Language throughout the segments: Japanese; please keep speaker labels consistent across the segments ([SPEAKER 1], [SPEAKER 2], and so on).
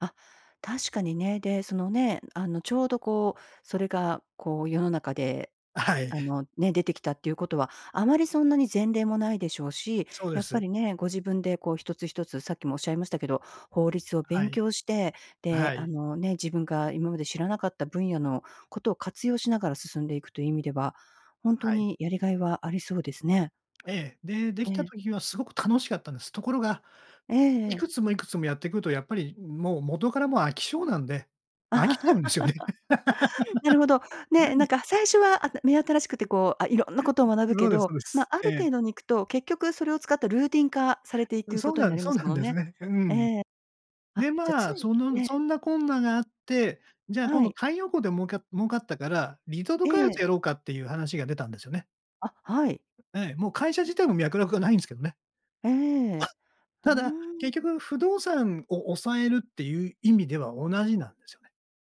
[SPEAKER 1] あ、確かにね。で、そのね、あの、ちょうどこう、それがこう、世の中で、
[SPEAKER 2] あ、はい。
[SPEAKER 1] あのね、出てきたっていうことは、あまりそんなに前例もないでしょうし、
[SPEAKER 2] そうで
[SPEAKER 1] やっぱ
[SPEAKER 2] す。
[SPEAKER 1] りね、ご自分でこう1つ1つ、さっきも仰いましたけど、法律を
[SPEAKER 2] は
[SPEAKER 1] 勉
[SPEAKER 2] い。
[SPEAKER 1] 強して、
[SPEAKER 2] あ、
[SPEAKER 1] で、
[SPEAKER 2] は
[SPEAKER 1] あ
[SPEAKER 2] い。
[SPEAKER 1] の、ね、自分が今まで知らなかった分野のことを活用しながら進んでいくという意味では、ほん
[SPEAKER 2] は
[SPEAKER 1] と
[SPEAKER 2] い。
[SPEAKER 1] にやりがいはありそうですね。
[SPEAKER 2] ええ、で、出来
[SPEAKER 1] え
[SPEAKER 2] た
[SPEAKER 1] え。
[SPEAKER 2] 時はすごく楽しかったんです。ところが、
[SPEAKER 1] えええ
[SPEAKER 2] い
[SPEAKER 1] え。
[SPEAKER 2] くつもいくつもやってくると、やっぱりもう元からもう飽き性なんで、飽きちゃうんですよね。
[SPEAKER 1] なる ほど。ね、なんか最初はあた目 新しくてこう、色んなことを学ぶ
[SPEAKER 2] 今
[SPEAKER 1] け
[SPEAKER 2] まで、そ
[SPEAKER 1] ど、
[SPEAKER 2] うで
[SPEAKER 1] ま、
[SPEAKER 2] す。
[SPEAKER 1] あ
[SPEAKER 2] え
[SPEAKER 1] る
[SPEAKER 2] え。
[SPEAKER 1] 程度に行くと、結局それを使ったルーティン化されてい
[SPEAKER 2] うん。
[SPEAKER 1] くこ
[SPEAKER 2] そう
[SPEAKER 1] とに
[SPEAKER 2] な
[SPEAKER 1] な
[SPEAKER 2] ん
[SPEAKER 1] り
[SPEAKER 2] そ
[SPEAKER 1] ま
[SPEAKER 2] う
[SPEAKER 1] す
[SPEAKER 2] な
[SPEAKER 1] も
[SPEAKER 2] ん
[SPEAKER 1] の
[SPEAKER 2] です
[SPEAKER 1] ね。
[SPEAKER 2] ね、う
[SPEAKER 1] え
[SPEAKER 2] ん。
[SPEAKER 1] え。あ、
[SPEAKER 2] で、
[SPEAKER 1] じゃ
[SPEAKER 2] まあ、
[SPEAKER 1] 常に
[SPEAKER 2] その
[SPEAKER 1] え
[SPEAKER 2] そ
[SPEAKER 1] え。
[SPEAKER 2] んなこんながあって、じゃあ今
[SPEAKER 1] は
[SPEAKER 2] 度
[SPEAKER 1] い。
[SPEAKER 2] 太陽光でもうか儲かったから、リゾート
[SPEAKER 1] え
[SPEAKER 2] 開発
[SPEAKER 1] え。
[SPEAKER 2] やろうかっていう話が出たんですよね。
[SPEAKER 1] あ、はい。
[SPEAKER 2] ええ、もう会社自体も脈絡がないんですけどね。
[SPEAKER 1] ええ、ふう
[SPEAKER 2] ただ、結
[SPEAKER 1] ん。
[SPEAKER 2] 局不動産を押さえるっていう意味では同じなんですよね。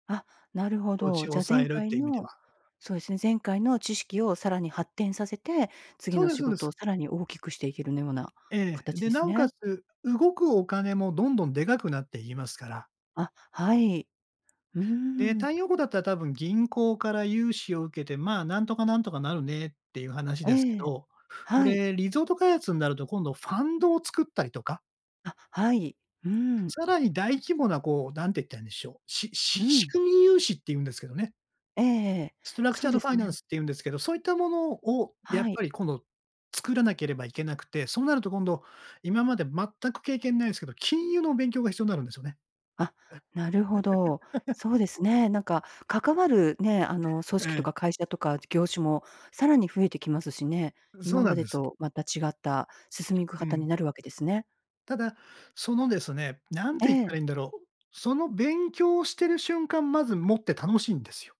[SPEAKER 1] あ、なるほ
[SPEAKER 2] 土地
[SPEAKER 1] ど。
[SPEAKER 2] を
[SPEAKER 1] じゃあ、
[SPEAKER 2] 押さ
[SPEAKER 1] 前
[SPEAKER 2] えるっ
[SPEAKER 1] 回
[SPEAKER 2] ていう意味で
[SPEAKER 1] の
[SPEAKER 2] は。
[SPEAKER 1] そうですね。前回の知識をさらに発展させて、次
[SPEAKER 2] そう
[SPEAKER 1] の
[SPEAKER 2] です
[SPEAKER 1] 仕
[SPEAKER 2] そうで
[SPEAKER 1] 事
[SPEAKER 2] す。
[SPEAKER 1] をさらに大きくしていけるねような
[SPEAKER 2] ええ。
[SPEAKER 1] 形
[SPEAKER 2] で、
[SPEAKER 1] で
[SPEAKER 2] な
[SPEAKER 1] す
[SPEAKER 2] おか
[SPEAKER 1] ね。
[SPEAKER 2] つ、動くお金もどんどんでかくなっていきますから。
[SPEAKER 1] あ、はい。う
[SPEAKER 2] で、
[SPEAKER 1] ん。
[SPEAKER 2] 太陽光だったら多分銀行から融資を受けて、まあ、なんとかなんとかなるねっていう話ですけ
[SPEAKER 1] ええ、
[SPEAKER 2] ど、こ
[SPEAKER 1] はい。
[SPEAKER 2] れリゾート開発になると今度ファンドを作ったりとか。
[SPEAKER 1] あ、はい、うん。
[SPEAKER 2] さらに大規模なこう、なんて言ったらいいんでしょう、しし
[SPEAKER 1] う
[SPEAKER 2] 仕
[SPEAKER 1] ん。
[SPEAKER 2] 組み融資っていうんですけどね。
[SPEAKER 1] ええええ、
[SPEAKER 2] ストラクチ
[SPEAKER 1] そう
[SPEAKER 2] ャード
[SPEAKER 1] で
[SPEAKER 2] ファ
[SPEAKER 1] す
[SPEAKER 2] イナン
[SPEAKER 1] ね。
[SPEAKER 2] スっていうんですけど、そういったものをやっ
[SPEAKER 1] はい。
[SPEAKER 2] ぱり今度作らなければいけなくて、そうなると今度、今まで全く経験無いんすけど、金融の勉強が必要になるんですよね。
[SPEAKER 1] あ、なるほど。
[SPEAKER 2] ええ。
[SPEAKER 1] そうですね。なんか、関わる、ね、あの組
[SPEAKER 2] え
[SPEAKER 1] 織と
[SPEAKER 2] え。
[SPEAKER 1] か会社とか業種も、さらに増えてきますしね。
[SPEAKER 2] う、そ
[SPEAKER 1] 今
[SPEAKER 2] うな
[SPEAKER 1] ま
[SPEAKER 2] ん
[SPEAKER 1] で
[SPEAKER 2] です。
[SPEAKER 1] と、また違った進みく
[SPEAKER 2] う
[SPEAKER 1] 方に
[SPEAKER 2] ん。
[SPEAKER 1] なるわけですね。
[SPEAKER 2] ただ、そのですね、何
[SPEAKER 1] え
[SPEAKER 2] て言っ
[SPEAKER 1] え。
[SPEAKER 2] たらいいんだろう。その勉強をしている瞬間、まずもって楽しいんですよ。